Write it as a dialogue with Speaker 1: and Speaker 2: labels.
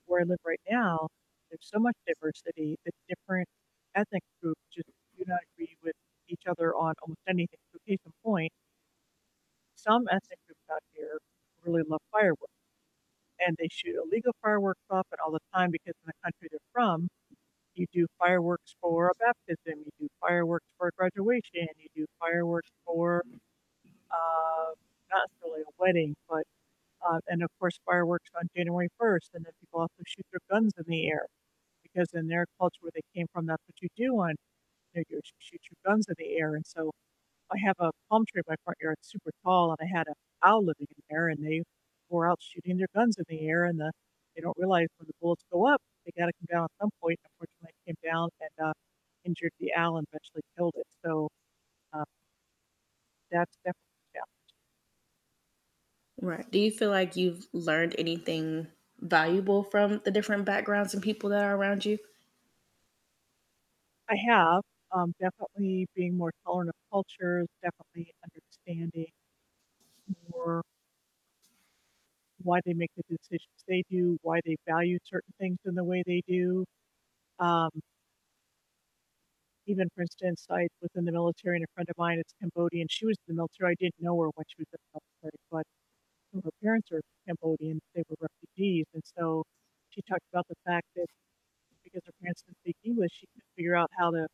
Speaker 1: Where I live right now, there's so much diversity that different ethnic groups just do not agree with each other on almost anything, so case in point some ethnic groups out here really love fireworks. And they shoot illegal fireworks up and all the time because in the country they're from, you do fireworks for a baptism, you do fireworks for a graduation, you do fireworks for, uh not necessarily a wedding, but, uh and of course, fireworks on January 1st, and then people also shoot their guns in the air because in their culture where they came from, that's what you do on New Year's, you shoot your guns in the air, and so I have a palm tree in my front yard, it's super tall, and I had an owl living in there, and they were out shooting their guns in the air, and the they don't realize when the bullets go up, they gotta come down at some point, unfortunately, it came down and, uh, injured the owl and eventually killed it, so, uh that's definitely a challenge.
Speaker 2: Right, do you feel like you've learned anything valuable from the different backgrounds and people that are around you?
Speaker 1: I have, um, definitely being more tolerant of cultures, definitely understanding more why they make the decisions they do, why they value certain things in the way they do. Um even for instance, I was in the military and a friend of mine is Cambodian, she was in the military, I didn't know her when she was in the military, but her parents are Cambodian, they were refugees, and so she talked about the fact that because her parents didn't speak English, she had to figure out how to